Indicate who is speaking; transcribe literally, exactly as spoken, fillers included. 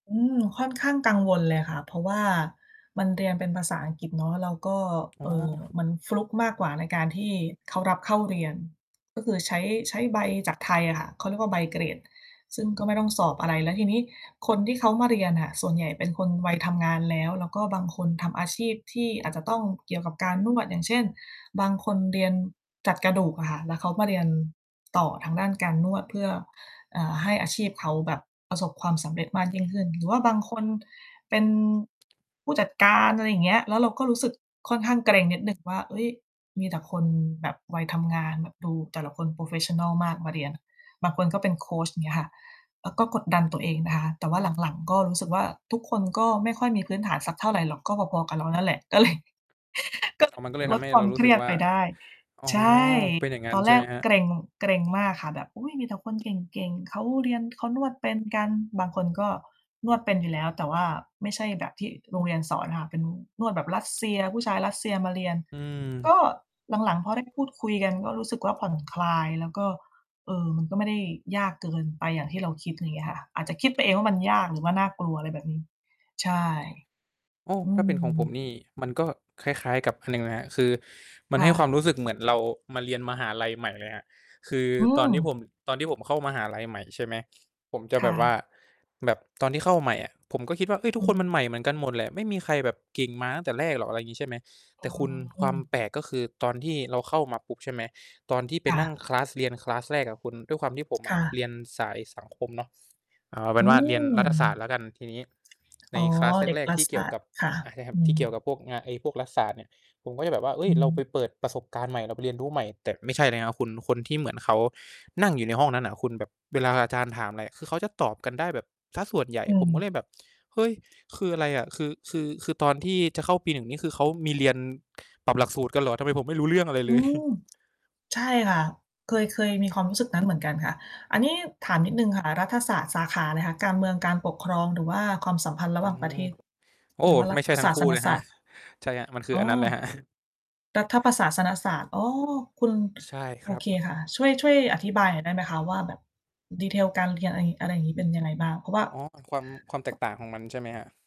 Speaker 1: อืม ค่อนข้างกังวลเลยค่ะ เพราะว่ามันเรียนเป็นภาษาอังกฤษเนาะ แล้วก็
Speaker 2: อ๋
Speaker 1: เ
Speaker 2: อ
Speaker 1: อ่อ มันฟลุกมากกว่าในการที่เขารับเข้า เรียน ก็คือใช้ ใช้ใบจากไทยอะค่ะ เขาเรียกว่าใบเกรด ซึ่งก็ไม่ต้องสอบอะไร แล้วทีนี้คนที่เขามาเรียนอะส่วนใหญ่ เป็นคนวัย ทำงานแล้ว แล้วก็บางคนทำอาชีพที่อาจจะต้องเกี่ยวกับการนวด อย่างเช่น บางคนเรียนจัดกระดูกอะค่ะ แล้วเขามาเรียนต่อทางด้านการนวด เพื่อ อ่า ให้อาชีพเขาแบบประสบความสำเร็จ มากยิ่งขึ้น หรือว่าบางคนเป็น ผู้จัดการ อะไรอย่างเงี้ย แล้วเราก็รู้สึกค่อนข้างเกร็งนิดหนึ่งว่า เฮ้ย มีแต่คนแบบวัยทำงาน แบบดูแต่ละคน โพรเฟสชันนัล มากมาเรียน บางคนก็เป็นโคช อย่างเงี้ยค่ะ เราก็กดดันตัวเองนะคะ แต่ว่า หลัง ๆ ก็รู้สึกว่า ทุกคนก็ไม่ค่อยมีพื้นฐานสักเท่าไรหรอก ก็พอ ๆ กับเรานั่นแหละ ก็เลย ก็เ
Speaker 2: อ๋
Speaker 1: ล
Speaker 2: อ
Speaker 1: ย
Speaker 2: มันก็เลย
Speaker 1: ล
Speaker 2: ทำ
Speaker 1: ด
Speaker 2: ให้
Speaker 1: คว
Speaker 2: เ
Speaker 1: า
Speaker 2: ร
Speaker 1: ม
Speaker 2: ารู
Speaker 1: เค
Speaker 2: ้ส
Speaker 1: ร
Speaker 2: ึ
Speaker 1: ี
Speaker 2: ก
Speaker 1: ยด
Speaker 2: ว่า
Speaker 1: ไปได้
Speaker 2: อ๋อ
Speaker 1: ใช่
Speaker 2: เป็นอย่างงั้
Speaker 1: ต
Speaker 2: น
Speaker 1: อน
Speaker 2: ใ
Speaker 1: แ
Speaker 2: ช
Speaker 1: ร
Speaker 2: ่ไห
Speaker 1: ก
Speaker 2: มครับ?
Speaker 1: เกร็ง เกร็งมากค่ะ แบบ อุ๊ย มีแต่คนเก่ง ๆ เขาเรียน เขานวดเป็นกัน บางคนก็นวดเป็น อยู่แล้ว แต่ว่าไม่ใช่แบบที่โรงเรียนสอนค่ะ เป็นนวดแบบรัสเซีย ผู้ชายรัสเซียมาเรียน
Speaker 2: อื
Speaker 1: ก
Speaker 2: ม
Speaker 1: ็หลัง ๆ พอ ได้ พูดคุยกันก็รู้สึกว่า ผ่อนคลาย แล้วก็ เออ มันก็ไม่ได้ยากเกินไปอย่างที่เราคิด อย่างเงี้ยค่ะ อาจจะคิดไปเองว่ามันยาก หรือว่าน่ากลัว อะไรแบบนี้ ใช่
Speaker 2: โอ้
Speaker 1: อื
Speaker 2: ถ้าเป็นของผม
Speaker 1: ม
Speaker 2: นี่ มันก็คล้าย ๆ กับอันหนึ่งนะครับ คือมัน
Speaker 1: ค
Speaker 2: ใ
Speaker 1: ่
Speaker 2: ห้ความ
Speaker 1: ะ
Speaker 2: รู้สึกเหมือนเรามาเรียนมหาลัยใหม่เลยครับ คือ
Speaker 1: อื
Speaker 2: ตอนที่ผ
Speaker 1: ม
Speaker 2: ม ตอนที่ผมเข้ามหาลัยใหม่ ใช่ไหม ผมจะ
Speaker 1: ค
Speaker 2: แบ
Speaker 1: ่
Speaker 2: บว่า
Speaker 1: ะ
Speaker 2: แบบตอนที่เข้าใหม่อะ ผมก็คิดว่า เฮ้ย ทุ
Speaker 1: อื
Speaker 2: กคนมัน
Speaker 1: ม
Speaker 2: ใหม่เหมือนกันหมดแหละ ไม่มีใครแบบเก่งมาตั้งแต่แรกหรอก อะไรอย่างงี้ใช่ไหม
Speaker 1: อ
Speaker 2: แต่คุณ ค
Speaker 1: ื
Speaker 2: วาม
Speaker 1: ม
Speaker 2: แปลกก็คือตอนที่เราเข้ามาปุ๊บ ใช่ไหม ตอนที่ไป
Speaker 1: ค่
Speaker 2: นั่ง
Speaker 1: ะ
Speaker 2: คลาส เรียน คลาส แรกอะคุณ ด้วยความที่ผมอ
Speaker 1: ค
Speaker 2: ะ
Speaker 1: ่
Speaker 2: เร
Speaker 1: ะ
Speaker 2: ียนสายสังคมเนาะ เอาเป
Speaker 1: อ
Speaker 2: ็
Speaker 1: ื
Speaker 2: นว่า เรียน
Speaker 1: ม
Speaker 2: รัฐศาสตร์แล้วกัน ทีนี้ใ
Speaker 1: อ
Speaker 2: น
Speaker 1: ๋อ
Speaker 2: คลาส
Speaker 1: เด็
Speaker 2: แ
Speaker 1: ก
Speaker 2: รก
Speaker 1: รั
Speaker 2: ๆ ท
Speaker 1: ฐ
Speaker 2: ี่เ
Speaker 1: ศ
Speaker 2: กี่ย
Speaker 1: า
Speaker 2: ว
Speaker 1: สต
Speaker 2: ก
Speaker 1: ร
Speaker 2: ับ
Speaker 1: ์ ค่ะ
Speaker 2: อ่า ใช่ครั
Speaker 1: อื
Speaker 2: บ ที่
Speaker 1: ม
Speaker 2: เกี่ยวกับพวกเนี่ย ไอ้พวกรัฐศาสตร์เนี่ย ผมก็จะแบบว่า เฮ้
Speaker 1: อ
Speaker 2: ย เราไป
Speaker 1: ืม
Speaker 2: เปิดประสบการณ์ใหม่ เราไปเรียนรู้ใหม่ แต่ไม่ใช่เลยครับคุณ คนที่เหมือนเขานั่งอยู่ในห้องนั้นน่ะคุณ แบบเวลาอาจารย์ถามอะไรอะ คือเขาจะตอบกันได้แบบเสียส่วนใหญ่
Speaker 1: อื
Speaker 2: ผมก็
Speaker 1: ม
Speaker 2: เลยแบบ เฮ้ย คืออะไรอะ คือ คือ คือตอนที่จะเข้าปี หนึ่ง นี่คือ เขามีเรียนปรับหลักสูตรกันเหรอ ทำไมผมไม่รู้เรื่องอะไร
Speaker 1: อ
Speaker 2: เ
Speaker 1: ื
Speaker 2: ลย
Speaker 1: ม ใช่ค่ะ เคย เคยมีความรู้สึกนั้น เหมือนกันค่ะ อันนี้ถามนิดหนึ่งค่ะ รัฐศาสตร์สาขาอะไรคะ? การเมืองการปกครอง หรือว่าความสัมพันธ์ระ
Speaker 2: อ
Speaker 1: ห
Speaker 2: ื
Speaker 1: ว่างประ
Speaker 2: ม
Speaker 1: เทศ
Speaker 2: โอ้
Speaker 1: หรือว่ารั
Speaker 2: ไม่ใช
Speaker 1: ฐ
Speaker 2: ่ทั
Speaker 1: ศ
Speaker 2: ้ง
Speaker 1: า
Speaker 2: คู
Speaker 1: ส
Speaker 2: ่
Speaker 1: น
Speaker 2: เลย
Speaker 1: ศ
Speaker 2: ครั
Speaker 1: า
Speaker 2: บ
Speaker 1: สตร์
Speaker 2: ใช่ครับ มันคือ
Speaker 1: อ๋อ
Speaker 2: อันนั้นเลยครับ
Speaker 1: รัฐประศาสนศาสตร์ อ๋อ คุณ
Speaker 2: ใช่ค
Speaker 1: โอ
Speaker 2: รั
Speaker 1: เค
Speaker 2: บ
Speaker 1: ค่ะ ช่วย ช่วยอธิบายหน่อยได้ไหมคะ? ว่า แบบ detail การเรียน อะไรงี้ อะไรงี้ เป็นยังไงบ้าง? เพราะว่า
Speaker 2: อ๋อ ความ ความแตกต่างของมันใช่ไหมครับ?